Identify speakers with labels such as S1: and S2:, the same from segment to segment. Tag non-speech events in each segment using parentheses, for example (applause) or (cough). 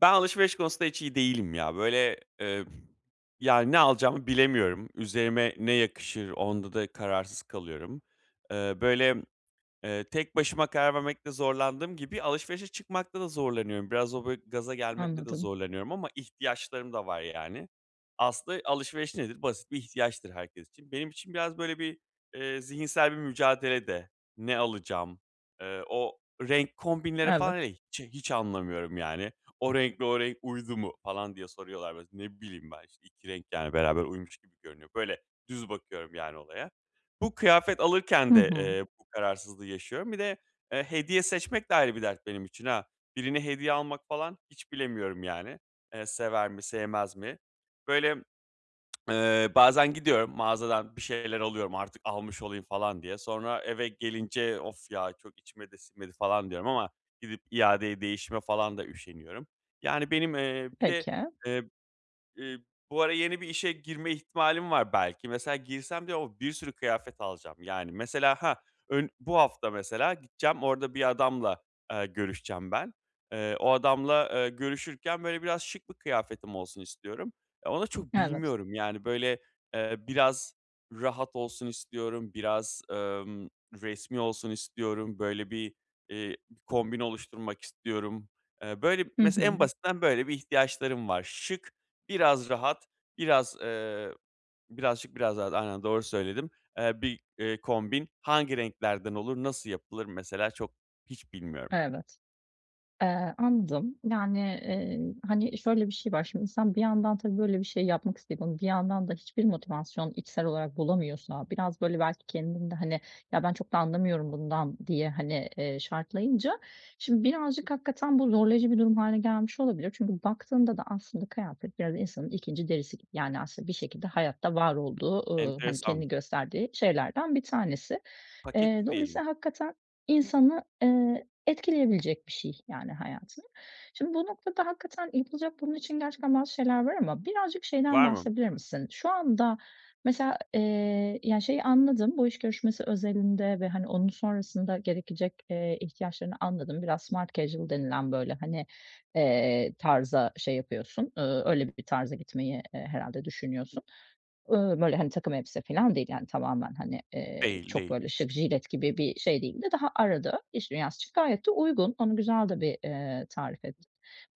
S1: Ben alışveriş konusunda hiç iyi değilim ya böyle, eee, yani, ne alacağımı bilemiyorum, üzerime ne yakışır onda da kararsız kalıyorum. Eeee, böyle, eee, tek başıma karar vermekte zorlandığım gibi alışverişe çıkmakta da zorlanıyorum. Biraz o, böyle, gaza gelmekte de
S2: Anladım.
S1: zorlanıyorum ama ihtiyaçlarım da var yani. Aslında alışveriş nedir? Basit bir ihtiyaçtır herkes için. Benim için biraz böyle bir, eee, zihinsel bir mücadele de. Ne alacağım, eee, o renk kombinleri falan hele
S2: Evet.
S1: hiç hiç anlamıyorum yani. O renkle o renk uydu mu falan diye soruyorlar mesela. Ne bileyim ben işte, 2 renk, yani, beraber uymuş gibi görünüyor. Böyle düz bakıyorum yani olaya. Bu kıyafet
S2: Hı
S1: alırken de,
S2: hı.
S1: eee, bu kararsızlığı yaşıyorum. Bir de, eee, hediye seçmek de ayrı bir dert benim için ha. Birine hediye almak falan hiç bilemiyorum yani. Eee, sever mi sevmez mi? Böyle, (smacks lips) eee, bazen gidiyorum, mağazadan bir şeyler alıyorum artık almış olayım falan diye. Sonra eve gelince, "Of ya çok içime de sinmedi falan." diyorum ama gidip iadeye değişime falan da üşeniyorum. Yani, benim, eee, bir de,
S2: Peki.
S1: eee, ııı, bu ara yeni bir işe girme ihtimalim var belki. Mesela girsem bir de o bir sürü kıyafet alacağım. Yani mesela, ha, ön bu hafta mesela gideceğim, orada bir adamla, eee, görüşeceğim ben. Eee, o adamla, eee, görüşürken böyle biraz şık bir kıyafetim olsun istiyorum. E onu da çok
S2: Evet.
S1: bilmiyorum, yani böyle, eee, biraz rahat olsun istiyorum. Biraz, emm, resmî olsun istiyorum. Böyle, bir, eee, kombin oluşturmak istiyorum. Eee, böyle b
S2: Hı
S1: mesela en
S2: hı.
S1: basitinden böyle bir ihtiyaçlarım var. Şık, biraz rahat, biraz, eee, birazcık biraz daha aynen doğru söyledim, eee, bir, eee, kombin hangi renklerden olur, nasıl yapılır mesela çok hiç bilmiyorum.
S2: Evet. Eee, anladım. Yani, eee, hani, şöyle bir şey var. Şimdi sen bir yandan tabii böyle bir şey yapmak isteyip ama bir yandan da hiçbir motivasyon içsel olarak bulamıyorsan, biraz böyle belki kendin de, hani, ya ben çok da anlamıyorum bundan diye, hani, eee, şartlayınca şimdi birazcık hakikaten bu zorlayıcı bir durum hâline gelmiş olabilir. Çünkü baktığında da aslında kıyafet biraz insanın 2'nci derisi gibi. Yani, aslında bir şekilde hayatta var olduğu, ııı, hani,
S1: Enteresan.
S2: kendini gösterdiği şeylerden bir tanesi. Eee,
S1: Paketli diyelim.
S2: dolayısıyla hakikaten insanı, eee, etkileyebilecek bir şey yani hayatını. Şimdi bu noktada hakikaten yapılacak bunun için gerçekten bazı şeyler var ama birazcık şeyden
S1: Var mı?
S2: bahsedebilir misin? Şu anda mesela, eee, ya, şeyi anladım, bu iş görüşmesi özelinde ve, hani, onun sonrasında gerekecek, eee, ihtiyaçlarını anladım. Biraz smart casual denilen, böyle hani, eee, tarza şey yapıyorsun, ııı, öyle bir tarza gitmeyi, eee, herhâlde düşünüyorsun. Iıı, böyle, hani, takım elbise filan değil yani tamamen, hani, eee,
S1: Değil,
S2: çok
S1: değil.
S2: böyle şık, jilet gibi bir şey değil de daha arada iş dünyası için gayet de uygun. Onu güzel de bir, eee, tarif ettin.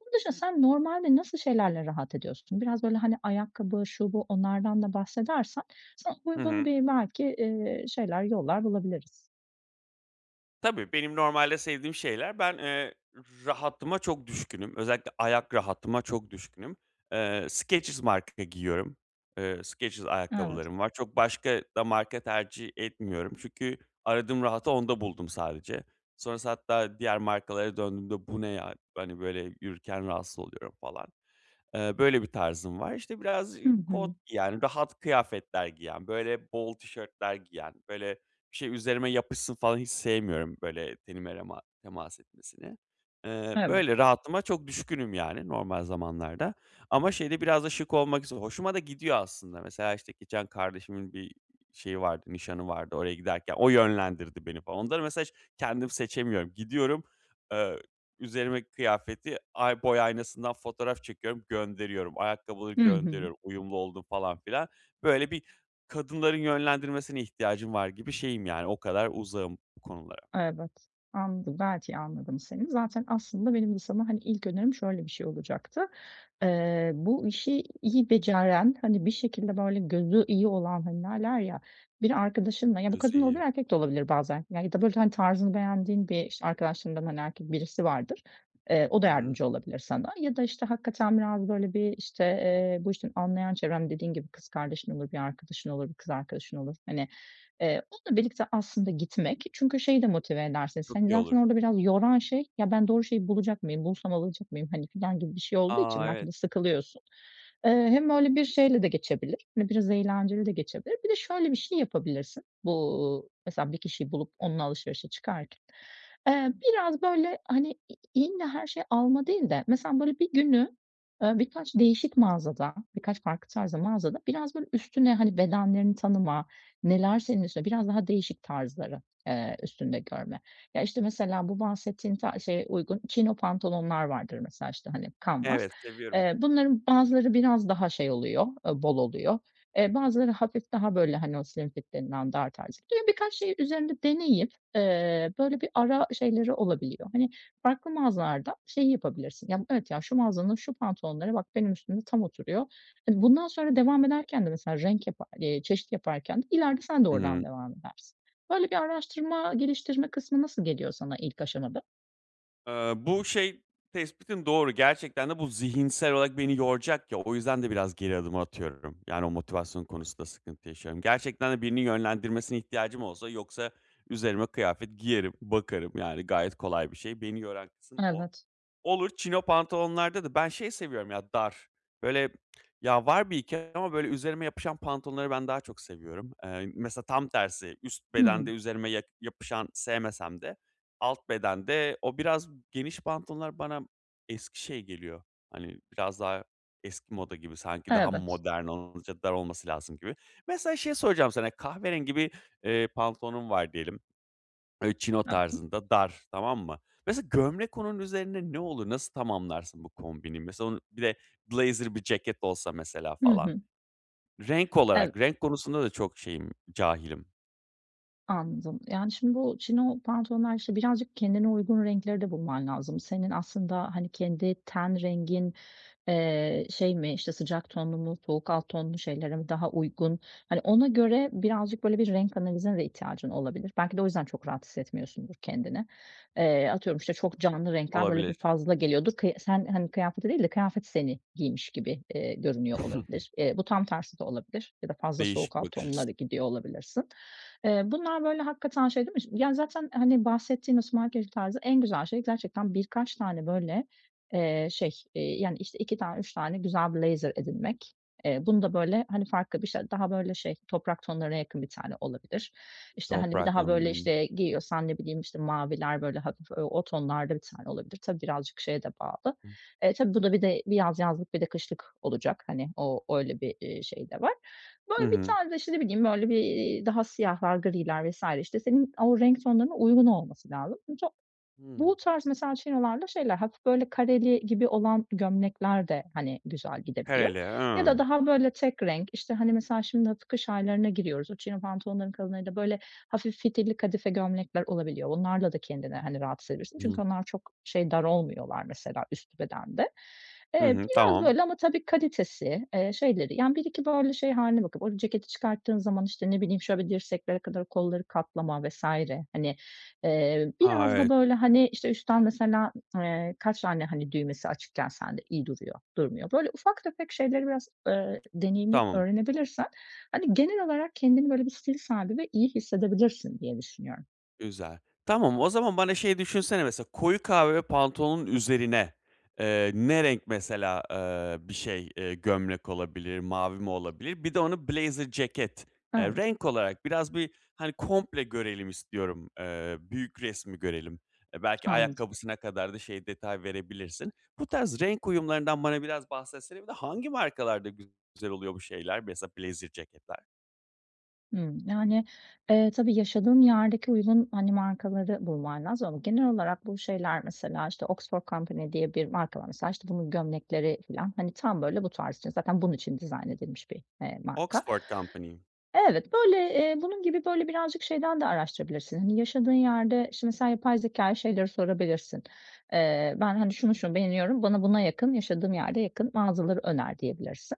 S2: Bunun dışında sen normalde nasıl şeylerle rahat ediyorsun? Biraz böyle, hani, ayakkabı, şu, bu onlardan da bahsedersen sana
S1: Hı
S2: uygun
S1: hı.
S2: bir belki, ııı, şeyler, yollar bulabiliriz.
S1: Tabii benim normalde sevdiğim şeyler, ben, eee, rahatıma çok düşkünüm, özellikle ayak rahatıma çok düşkünüm. Eee, Skechers marka giyiyorum. Eee, Skechers
S2: Evet.
S1: ayakkabılarım var, çok başka da marka tercih etmiyorum. Çünkü aradığım rahatı onda buldum sadece. Sonrası hatta diğer markalara döndüğümde bu ne ya, hani, böyle yürürken rahatsız oluyorum falan. Eee, böyle bir tarzım var, işte, biraz
S2: Hı
S1: kot,
S2: hı.
S1: yani rahat kıyafetler giyen, böyle bol tişörtler giyen; böyle bir şey üzerime yapışsın falan hiç sevmiyorum. Böyle tenime rema temas etmesini, ııı,
S2: Evet.
S1: böyle rahatıma çok düşkünüm, yani normal zamanlarda. Ama şey de biraz da şık olmak üzere hoşuma da gidiyor aslında. Mesela, işte, geçen kardeşimin bir, iii, şeyi vardı, nişanı vardı, oraya giderken o yönlendirdi beni falan onları mesela kendim seçemiyorum, gidiyorum, eee, üzerime kıyafeti ay boy aynasından fotoğraf çekiyorum, gönderiyorum, ayakkabıları
S2: Hı hı.
S1: gönderiyorum, uyumlu oldu mu falan filan. Böyle bir kadınların yönlendirmesine ihtiyacım var gibi şeyim, yani o kadar uzağım bu konulara.
S2: Evet, anladım. Belki, anladım seni. Zaten aslında benim de sana, hani, ilk önerim şöyle bir şey olacaktı: Eee, bu işi iyi beceren, hani bir şekilde böyle gözü iyi olan, hani, derler ya, bir arkadaşınla; ya bu
S1: Gözü
S2: kadın olabilir,
S1: iyi.
S2: erkek de olabilir bazen ya da böyle hani tarzını beğendiğin bir, işte, arkadaşlarından, hani, erkek birisi vardır, eee, o
S1: Hı
S2: da
S1: hı.
S2: yardımcı olabilir sana. Ya da, işte, hakikaten biraz böyle bir, işte, eee, bu işten anlayan çevrende dediğin gibi, kız kardeşin olur, bir arkadaşın olur, bir kız arkadaşın olur, hani, eee, onunla birlikte aslında gitmek çünkü şey de motive eder seni.
S1: Çok
S2: Hani
S1: iyi
S2: zaten
S1: olur.
S2: orada biraz yoran şey, "Ya, ben doğru şeyi bulacak mıyım, bulsam alacak mıyım hani?" filan gibi bir şey olduğu
S1: A!
S2: için belki
S1: Evet.
S2: de sıkılıyorsun. Eee, hem böyle bir şeyle de geçebilir, hani biraz eğlenceli de geçebilir. Bir de şöyle bir şey yapabilirsin: Bu, uuu, mesela bir kişiyi bulup onunla alışverişe çıkarken, eee, biraz böyle, hani, i illa her şeyi alma değil de mesela böyle bir günü, eee, birkaç değişik mağazada, birkaç farklı tarzda mağazada; biraz böyle üstüne hani bedenlerini tanıma, neler senin üstüne biraz daha değişik tarzları, eee, üstünde görme. Ya, işte, mesela bu bahsettiğin ta şeye uygun Chino pantolonlar vardır mesela, işte, hani kanvas.
S1: Evet, seviyorum.
S2: Eee, bunların bazıları biraz daha şey oluyor, eee, bol oluyor. Eee, bazıları hafif daha böyle hani o "slim fit" denilen dar tarzı. Böyle birkaç şeyi üzerinde deneyip, eee, böyle bir ara şeyleri olabiliyor. Hani farklı mağazalarda şeyi yapabilirsin. Ya, evet, ya, şu mağazanın şu pantolonları bak benim üstümde tam oturuyor. Hani bundan sonra devam ederken de mesela renk yapa eee, çeşit yaparken de ileride sen de oradan
S1: Hımm.
S2: devam edersin. Böyle bir araştırma geliştirme kısmı nasıl geliyor sana ilk aşamada?
S1: Aaa, bu şey, tespitin doğru, gerçekten de bu zihinsel olarak beni yoracak ya, o yüzden de biraz geri adım atıyorum. Yani o motivasyon konusunda sıkıntı yaşıyorum. Gerçekten de birinin yönlendirmesine ihtiyacım olsa, yoksa üzerime kıyafet giyerim bakarım, yani gayet kolay bir şey beni yoran kısım o.
S2: Evet.
S1: Olur chino pantolonlarda da ben şey seviyorum ya, dar böyle ya var 1-2 ama böyle üzerime yapışan pantolonları ben daha çok seviyorum, eee, mesela tam tersi üst bedende
S2: Hımm.
S1: üzerime ya yapışan sevmesem de alt bedende o biraz geniş pantolonlar bana eski şey geliyor, hani biraz daha eski moda gibi, sanki daha
S2: Evet.
S1: modern olunca dar olması lazım gibi. Mesela şeyi soracağım sana, kahverengi bir, eee, pantolonum var diyelim. Böyle chino
S2: (unintelligible)
S1: tarzında dar, tamam mı? Mesela gömlek onun üzerine ne olur? Nasıl tamamlarsın bu kombinimi mesela onun ile blazer bir ceket olsa mesela
S2: Hı
S1: falan.
S2: hı.
S1: Renk
S2: Eve
S1: olarak renk konusunda da çok şeyim, cahilim.
S2: Anladım. Yani şimdi bu chino pantolonlar, işte birazcık kendine uygun renkleri de bulman lazım. Senin aslında, hani kendi ten rengin, eee, şey mi, işte sıcak tonlu mu? Soğuk alt tonlu şeylere daha uygun? Hani ona göre birazcık böyle bir renk analizine de ihtiyacın olabilir. Belki de o yüzden çok rahat hissetmiyorsundur kendini. Eee, atıyorum, işte çok canlı renkler böyle bir
S1: Olabilir.
S2: fazla geliyordur ki sen, hani kıyafeti değil de kıyafet seni giymiş gibi, eee, görünüyor
S1: (chuckles)
S2: olabilir. Eee, bu tam tersi de olabilir ya da fazla
S1: Değişik
S2: soğuk
S1: bir
S2: alt
S1: bakış açısı.
S2: tonlara gidiyor olabilirsin. Eee, bunlar böyle hakikaten şey değil mi, işte yani, zaten, hani bahsettiğimiz smart casual tarzı en güzel şey gerçekten birkaç tane, böyle, eee, şey, iii, yani, işte, 2 tane, 3 tane güzel blazer edinmek. Eee, bunu da böyle, hani farklı bir şey daha, böyle, şey, toprak tonlarına yakın 1 tane olabilir. İşte, hani, bir
S1: Toprak,
S2: daha böyle,
S1: hımm.
S2: işte, giyiyorsan ne bileyim, işte, maviler böyle hafif o tonlarda bir tane olabilir. Tabii birazcık şeye de bağlı. E, tabii bu da bir de bir yaz yazlık, bir de kışlık olacak, hani o öyle bir, iii, şey de var.
S1: Hı
S2: Böyle bir
S1: hı.
S2: tarzda, işte, ne bileyim, böyle bir, iii, daha siyahlar, griler vs. işte senin o renk tonlarına uygun olması lazım. Bu ta bu
S1: Hımm.
S2: tarz mesela, chinolarda şeyler hafif, böyle, kareli gibi olan gömlekler de, hani güzel gidebiliyor
S1: Kareli,
S2: ya da
S1: hımm.
S2: daha böyle tek renk, işte, hani, mesela şimdi kış aylarına giriyoruz, o chino pantolonların kalınları da, böyle, hafif fitilli kadife gömlekler olabiliyor. Bunlarla da kendini, hani rahat hissedebilirsin
S1: Hı.
S2: çünkü onlar çok şey dar olmuyorlar mesela üst bedende.
S1: Hı
S2: Eee,
S1: hı.
S2: biraz,
S1: Tamam.
S2: böyle, ama tabii kalitesi, eee, şeyleri, yani, 1-2 böyle, şey hâline bakıp ceketi çıkarttığın zaman, işte, ne bileyim, şöyle bir dirseklere kadar kolları katlama vs. hani, eee,
S1: Ha,
S2: biraz da
S1: evet.
S2: böyle hani, işte, üstten mesela, eee, kaç tane, hani, düğmesi açıkken sende iyi duruyor, durmuyor. Böyle ufak tefek şeyleri biraz, ııı, deneyimleyip
S1: Tamam.
S2: öğrenebilirsen, hani, genel olarak kendini böyle bir stil sahibi ve iyi hissedebilirsin diye düşünüyorum.
S1: Güzel. Tamam, o zaman bana şey düşünsene mesela, koyu kahve pantolonun üzerine, eee, ne renk mesela, eee, bir şey, eee, gömlek olabilir, mavi mi olabilir? Bir de onu blazer ceket, eee,
S2: Evet.
S1: renk olarak biraz bir, hani, komple görelim istiyorum, eee, büyük resmi görelim, belki
S2: Anladım.
S1: ayakkabısına kadar da şey detay verebilirsin. Bu tarz renk uyumlarından bana biraz bahsetsene. Bir de hangi markalarda güzel oluyor bu şeyler, blazer ceketler?
S2: Hımm. Yani, eee, tabii yaşadığın yerdeki uygun, hani, markaları bulman lazım ama genel olarak bu şeyler mesela, işte, Oxford Company diye bir marka var. Mesela, işte, bunun gömlekleri filan, hani, tam, böyle, bu tarz için, zaten bunun için dizayn edilmiş bir, eee, marka.
S1: Oxford Company.
S2: Evet, böyle, eee, bunun gibi, böyle, birazcık şeyden de araştırabilirsin, yaşadığın yerde şimdi sen yapay zekâya şeyleri sorabilirsin: "Eee, ben, hani, şunu, şunu beğeniyorum. Bana buna yakın, yaşadığım yerde yakın mağazaları öner." diyebilirsin.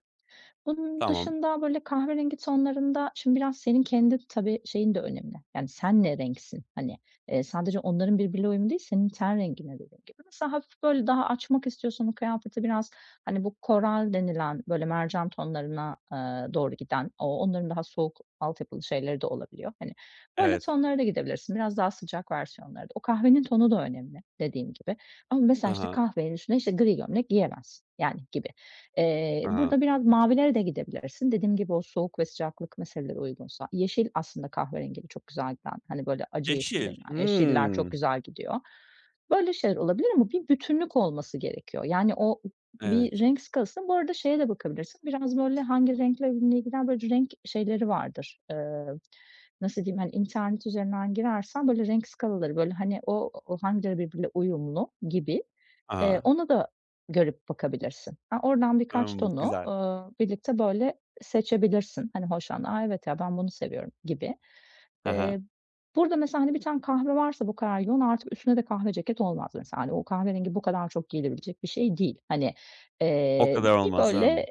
S2: Bunun
S1: Tamam.
S2: dışında, böyle, kahverengi tonlarında şimdi biraz senin kendi, tabii, şeyin de önemli: Yani, sen ne renksin? Hani, eee, sadece onların birbiriyle uyum değil senin ten rengine de. (unintelligible) Mesela hafif, böyle, daha açmak istiyorsan o kıyafeti biraz, hani, bu coral denilen, böyle, mercan tonlarına, ııı, doğru giden, ooo, onların daha soğuk altyapılı şeyleri de olabiliyor. Hani, böyle
S1: Evet.
S2: tonlara da gidebilirsin, biraz daha sıcak versiyonlara da. O kahvenin tonu da önemli dediğin gibi ama
S1: Hı
S2: mesela, işte,
S1: hı.
S2: kahvenin üstüne, işte, gri gömlek giyilmez, yani, gibi. Eee,
S1: Hı hı.
S2: burada biraz mavilere de gidebilirsin. Dediğim gibi, o soğuk ve sıcaklık meseleleri uygunsa. Yeşil aslında kahverengiyle çok güzel giden, hani, böyle, acı yeşil
S1: Yeşil,
S2: denilen yeşiller çok
S1: hımm.
S2: güzel gidiyor. Böyle şeyler olabilir ama bir bütünlük olması gerekiyor. Yani, o o bir
S1: Evet.
S2: renk skalası. Bu arada şeye de bakabilirsin biraz, böyle, "Hangi renkle ne gider?" Böyle renk şeyleri vardır, ııı, nasıl diyeyim, hani, internet üzerinden girersen, böyle, renk skalaları, böyle, hani, o o hangileri birbiriyle uyumlu gibi, eee,
S1: A!
S2: ona da görüp bakabilirsin. Aaa, oradan birkaç
S1: Hımm.
S2: tonu,
S1: Güzel.
S2: ııı, birlikte, böyle, seçebilirsin. Hani, hoşlandığın, "A, evet ya! Ben bunu seviyorum." gibi.
S1: He he.
S2: Eee, burada mesela, hani, bir tane kahve varsa bu kadar yoğun, artık üstüne de kahve ceket olmaz mesela, hani, o kahverengi bu kadar çok giyilebilecek bir şey değil. Hani,
S1: O
S2: eee,
S1: kadar
S2: bir
S1: olmaz,
S2: böyle,
S1: ımm.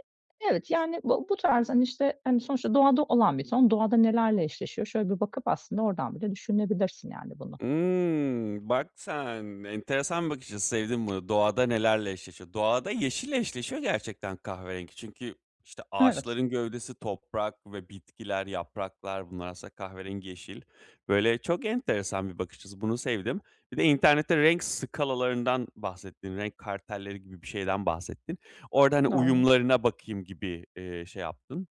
S2: evet yani b bu tarz, hani, işte, hani, sonuçta doğada olan bir ton. Doğada nelerle eşleşiyor? Şöyle bir bakıp aslında oradan bile düşünebilirsin yani bunu.
S1: Imm, bak sen! Enteresan bakış açısı, sevdim bunu: Doğada nelerle eşleşiyor? Doğada yeşille eşleşiyor gerçekten kahverengi. Çünkü, işte,
S2: Evet.
S1: ağaçların gövdesi, toprak ve bitkiler, yapraklar bunlar aslında kahverengi, yeşil. Böyle, çok enteresan bir bakış açısı, bunu sevdim. Bir de internette renk skalalarından bahsettin. Renk kartelleri gibi bir şeyden bahsettin. Orada, hani,
S2: Doğru.
S1: uyumlarına bakayım gibi, eee, şey yaptın.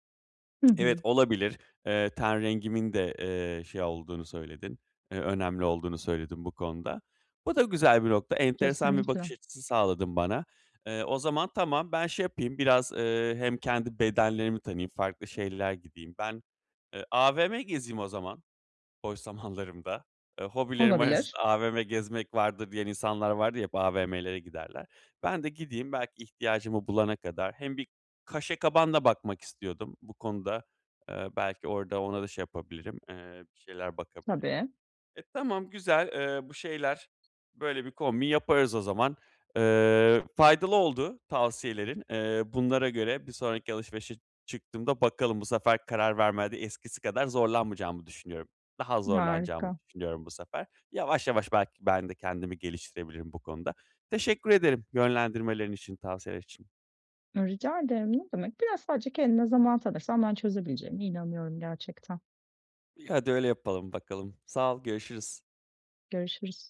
S2: Hı
S1: (tsk) Evet,
S2: hı.
S1: olabilir, eee, ten rengimin de, eee, şey olduğunu söyledin, eee, önemli olduğunu söyledin bu konuda. Bu da güzel bir nokta, enteresan bir
S2: Kesinlikle.
S1: bakış açısı sağladın bana. Eee, o zaman, tamam, ben şey yapayım biraz, ııı, hem kendi bedenlerimi tanıyayım, farklı şeyler gideyim. Ben, eee, AVM gezeyim o zaman boş zamanlarımda. Eee, "Hobilerim arasında
S2: Olabilir.
S1: AVM gezmek vardır." diyen insanlar vardır ya, hep AVM'lere giderler. Ben de gideyim belki ihtiyacımı bulana kadar. Hem bir kaşe kaban da bakmak istiyordum. Bu konuda, ııı, belki orada ona da şey yapabilirim. Eee, bir şeyler bakabilirim.
S2: Tabii.
S1: E, tamam güzel, eee, bu şeyler... Böyle bir kombin yaparız o zaman. Eee, faydalı oldu tavsiyelerin. Eee, bunlara göre bir sonraki alışverişe çıktığımda, bakalım, bu sefer karar vermede eskisi kadar zorlanmayacağımı düşünüyorum. Daha az zorlanacağımı
S2: Harika.
S1: düşünüyorum bu sefer. Yavaş yavaş belki ben de kendimi geliştirebilirim bu konuda. Teşekkür ederim yönlendirmelerin için, tavsiyeler için.
S2: Rica ederim, ne demek? Biraz sadece kendine zaman tanırsan ben çözebileceğine inanıyorum gerçekten.
S1: İ hadi öyle yapalım bakalım. Sağ ol, görüşürüz.
S2: Görüşürüz.